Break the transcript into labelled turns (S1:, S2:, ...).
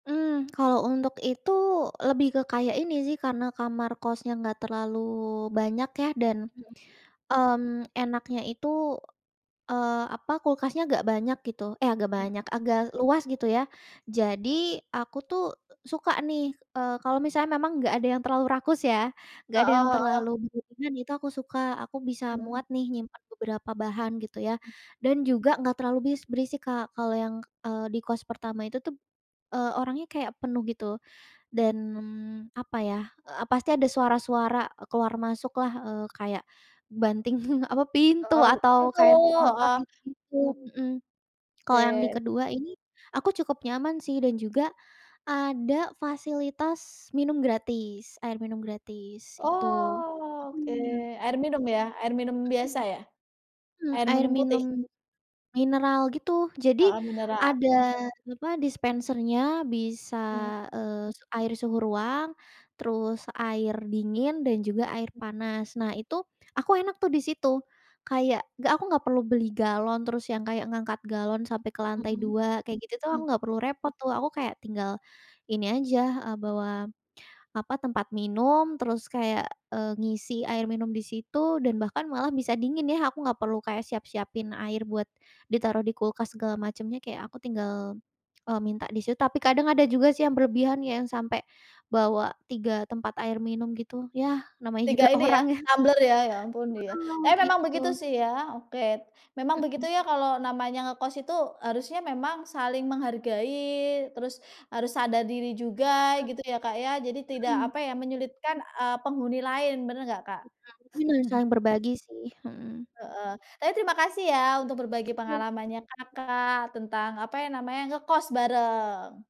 S1: Mmm, kalau untuk itu, lebih ke kayak ini sih, karena kamar kosnya nggak terlalu banyak ya dan,
S2: Mhm.
S1: mmm, enaknya itu, eee, apa, kulkasnya agak banyak gitu eh agak
S2: Mmm.
S1: banyak, agak luas gitu ya. Jadi aku tuh suka nih, eee, kalau misalnya memang nggak ada yang terlalu rakus ya, nggak
S2: Heeh
S1: ada yang
S2: heeh.
S1: terlalu berlebihan itu aku suka, aku bisa
S2: Mhm.
S1: muat nih nyimpan beberapa bahan gitu ya.
S2: E
S1: Dan juga nggak terlalu bis berisik, Kak. Kalau yang, eee, di kos pertama itu tuh, eee, orangnya kayak penuh gitu, dan apa ya, eee, pasti ada suara-suara keluar masuklah, eee, kayak banting apa, pintu
S2: Heeh,
S1: atau
S2: pintu
S1: kayak motor
S2: heeh,
S1: gitu-gitu,
S2: mmm.
S1: mhm. Kalau yang di
S2: Oke.
S1: kedua ini, aku cukup nyaman sih dan juga ada fasilitas minum gratis, air minum gratis, itu,
S2: Oke,
S1: mhm.
S2: air minum ya? Air minum biasa
S1: Mhm,
S2: ya?
S1: mmm,
S2: Air
S1: air
S2: minum putih?
S1: minum mineral gitu. Jadi,
S2: Heeh, mineral.
S1: ada apa, dispensernya bisa,
S2: Mmm.
S1: eee, air suhu ruang, terus air dingin dan juga air
S2: E
S1: panas. Nah itu, aku enak tuh di situ, kayak nggak aku nggak perlu beli galon, terus yang kayak ngangkat galon sampai ke lantai
S2: Mhm,
S1: 2, kayak gitu tuh aku
S2: mmm.
S1: nggak perlu repot tuh. Aku kayak tinggal ini aja, eee, bawa apa, tempat minum, terus kayak, eee, ngisi air minum di situ dan bahkan malah bisa dingin ya. Aku nggak perlu kayak siap-siapin air buat ditaruh di kulkas segala macemnya, kayak aku tinggal, eee, minta di situ. Tapi kadang ada juga sih yang berlebihan ya, sampai bawa 3 tempat air minum gitu, yah, namanya juga
S2: Tiga ini ya,
S1: orang ya.
S2: tumbler ya? Ya ampun, iya.
S1: Heeh,
S2: Tapi memang
S1: gitu.
S2: begitu sih ya, oke, memang begitu
S1: Mhm.
S2: ya, kalau namanya ngekos itu harusnya memang saling menghargai, terus harus sadar diri juga
S1: Mmm,
S2: gitu ya, Kak, ya. Jadi tidak,
S1: mhm.
S2: apa ya, menyulitkan, eee, penghuni lain, bener nggak, Kak?
S1: [unintelligible] malah saling berbagi sih, mhm.
S2: Heeh, tapi terima kasih ya untuk berbagi
S1: Iya.
S2: pengalamannya, Kakak, tentang, apa ya namanya, ngekos bareng.